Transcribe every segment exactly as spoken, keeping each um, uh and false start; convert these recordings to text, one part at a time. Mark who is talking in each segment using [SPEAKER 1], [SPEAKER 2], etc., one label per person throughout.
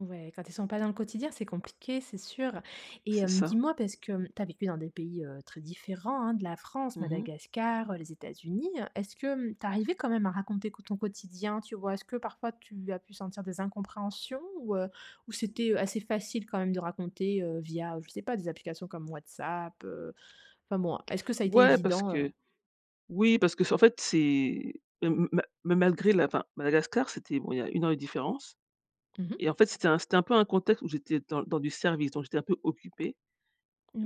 [SPEAKER 1] Ouais. Quand ils sont pas dans le quotidien, c'est compliqué, c'est sûr. Et
[SPEAKER 2] C'est
[SPEAKER 1] hem,
[SPEAKER 2] ça.
[SPEAKER 1] dis-moi, parce que, hem, tu as vécu dans des pays, heu, très différents hein, de la France,
[SPEAKER 2] Mmh mh.
[SPEAKER 1] Madagascar, heu, les États-Unis. Est-ce que, hem, tu arrivais quand même à raconter quo ton quotidien? Tu vois? Est-ce que parfois tu as pu sentir des incompréhensions? Ou, heu, ou c'était, heu, assez facile quand même de raconter, heu, via, je sais pas, des applications comme WhatsApp? Heu, enfin bon, est-ce que ça a été
[SPEAKER 2] Ouais, parce
[SPEAKER 1] évident,
[SPEAKER 2] que
[SPEAKER 1] heu?
[SPEAKER 2] oui parce que c'est en fait, c'est m m ma mais malgré la enfin, Madagascar c'était, bon il y a une heure de différence
[SPEAKER 1] Mmh mh.
[SPEAKER 2] Et en fait, c'était un c'était un peu un contexte où j'étais dans dans du service, donc j'étais un peu occupée.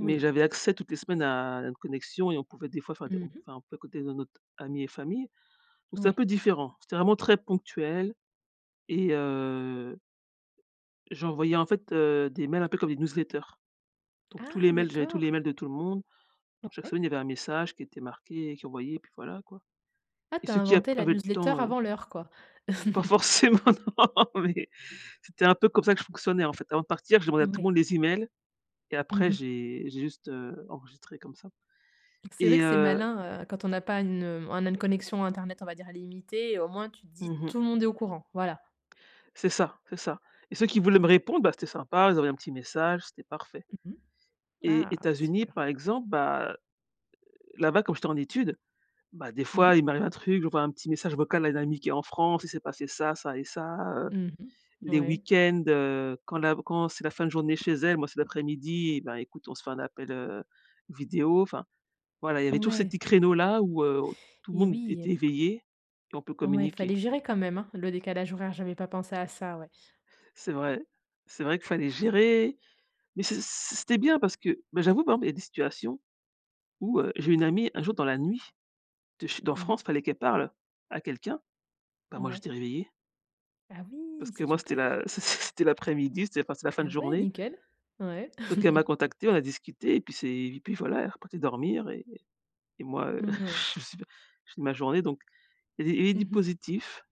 [SPEAKER 2] Mais j'avais accès toutes les semaines à une connexion et on pouvait des fois enfin, des
[SPEAKER 1] Mmh mh.
[SPEAKER 2] enfin on pouvait écouter no notre ami et famille. Donc c'est un
[SPEAKER 1] Ouais.
[SPEAKER 2] peu différent, c'était vraiment très ponctuel et heu j'envoyais en fait, heu, des mails un peu comme des newsletters. Donc tous
[SPEAKER 1] Ah!
[SPEAKER 2] les mails, j'avais tous les
[SPEAKER 1] D'accord.
[SPEAKER 2] mails de tout le monde,
[SPEAKER 1] O
[SPEAKER 2] donc chaque semaine
[SPEAKER 1] ouais.
[SPEAKER 2] il y avait un message qui était marqué et qui envoyait et puis voilà, quoi.
[SPEAKER 1] Ah
[SPEAKER 2] Et
[SPEAKER 1] tu as
[SPEAKER 2] ceux qui ap
[SPEAKER 1] inventé la
[SPEAKER 2] avaient le
[SPEAKER 1] newsletter
[SPEAKER 2] temps, heu
[SPEAKER 1] avant l'heure, quoi?
[SPEAKER 2] Pas forcément, non, mais c'était un peu comme ça que je fonctionnais, en fait. Avant de partir j'ai demandé à tout le
[SPEAKER 1] Mouais.
[SPEAKER 2] monde les emails et
[SPEAKER 1] Mmh
[SPEAKER 2] après
[SPEAKER 1] mh.
[SPEAKER 2] j'ai j'ai juste, heu, enregistré comme ça.
[SPEAKER 1] C'est vrai
[SPEAKER 2] Et
[SPEAKER 1] que c'est
[SPEAKER 2] heu
[SPEAKER 1] malin, heu, quand on n'a pas une un même connexion internet, on va dire, «alimité» et au moins tu te dis,
[SPEAKER 2] Mmh mh.
[SPEAKER 1] tout le monde est au courant, voilà.
[SPEAKER 2] C'est ça, c'est ça. Et ceux qui voulaient me répondre, bah, c'était sympa, ils envoyaient un petit message, c'était parfait.
[SPEAKER 1] Mmh mh.
[SPEAKER 2] Et
[SPEAKER 1] Ah!
[SPEAKER 2] États-Unis
[SPEAKER 1] Super.
[SPEAKER 2] par exemple, bah, heu heu, là-bas, comme j'étais en études, bah, des
[SPEAKER 1] Mmh
[SPEAKER 2] fois
[SPEAKER 1] mh.
[SPEAKER 2] il m'arrivait un truc, j'envoie un petit message vocal à une amie qui est en France, il s'est passé ça, ça et ça. Heu,
[SPEAKER 1] Mmh mh.
[SPEAKER 2] les
[SPEAKER 1] Ouais.
[SPEAKER 2] week-ends, heu, quand la quand c'est la fin de journée chez elle, moi, c'est l'après-midi, ben, écoute on se fait un appel heu, vidéo. Enfin, voilà, il y avait tous ces
[SPEAKER 1] Ouais.
[SPEAKER 2] petits créneaux là, où, heu, tout le
[SPEAKER 1] Et
[SPEAKER 2] monde
[SPEAKER 1] oui. Eh
[SPEAKER 2] était
[SPEAKER 1] ben.
[SPEAKER 2] éveillé et on peut
[SPEAKER 1] Ouais, fallait
[SPEAKER 2] communiquer.
[SPEAKER 1] gérer quand même, hein? Le décalage horaire, j'avais pas pensé à ça, ouais.
[SPEAKER 2] C'est vrai, c'est vrai qu'il fallait gérer, mais c'-c' c'était bien parce que, bah, j'avoue par exemple, il y a des situations où, heu, j'ai une amie un jour dans la nuit de chez en
[SPEAKER 1] Mmh
[SPEAKER 2] France,
[SPEAKER 1] mh.
[SPEAKER 2] il fallait qu'elle parle à quelqu'un, bah, moi
[SPEAKER 1] Ouais.
[SPEAKER 2] j'étais réveillée
[SPEAKER 1] Ah
[SPEAKER 2] parce
[SPEAKER 1] oui!
[SPEAKER 2] que
[SPEAKER 1] C'est
[SPEAKER 2] moi c'était
[SPEAKER 1] super.
[SPEAKER 2] la c' c' c'était l'après-midi, c'était enfin c'était la fin
[SPEAKER 1] Ah
[SPEAKER 2] de
[SPEAKER 1] ouais,
[SPEAKER 2] journée
[SPEAKER 1] nickel. Ouais.
[SPEAKER 2] donc elle m'a contacté, on a discuté et puis c'est et puis voilà, elle est repartie dormir et moi, heu,
[SPEAKER 1] Mmh, oui.
[SPEAKER 2] je suis j'ai fini ma journée, donc il y a des il y avait du
[SPEAKER 1] Mmh mh.
[SPEAKER 2] positif.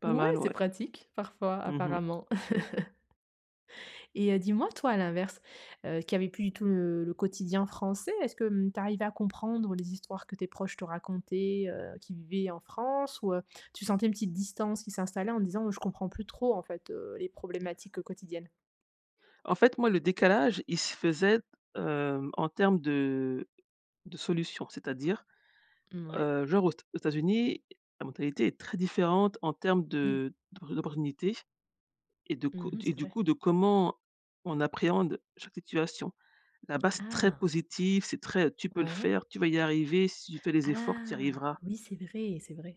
[SPEAKER 2] Pas
[SPEAKER 1] Ouais,
[SPEAKER 2] mal,
[SPEAKER 1] c'est
[SPEAKER 2] ouais.
[SPEAKER 1] pratique parfois,
[SPEAKER 2] Mmh mh.
[SPEAKER 1] apparemment. Et heu, dis-moi, toi, à l'inverse, heu qui avait plus du tout le le quotidien français, est-ce que, hem, tu arrivais à comprendre les histoires que tes proches te racontaient, heu, qui vivaient en France ou, heu, tu sentais une petite distance qui s'installait en disant: «Je comprends plus trop en fait, heu, les problématiques quotidiennes?»
[SPEAKER 2] En fait, moi, le décalage il se faisait, heu, en termes de de solutions. C'est-à-dire,
[SPEAKER 1] Mmh, ouais.
[SPEAKER 2] heu, genre aux t aux Etats États-Unis, la mentalité est très différente en termes
[SPEAKER 1] Oui.
[SPEAKER 2] de d'o d'opportunités et de co
[SPEAKER 1] Mmh mh.
[SPEAKER 2] et
[SPEAKER 1] C'est
[SPEAKER 2] du
[SPEAKER 1] vrai.
[SPEAKER 2] coup de comment on appréhende chaque situation. Là-bas, c'est très
[SPEAKER 1] Ah!
[SPEAKER 2] positif, c'est très: «Tu peux le
[SPEAKER 1] Ouais.
[SPEAKER 2] faire, tu vas y arriver, si tu fais les efforts, tu y
[SPEAKER 1] Ah!
[SPEAKER 2] arriveras».
[SPEAKER 1] Oui, c'est vrai, c'est vrai.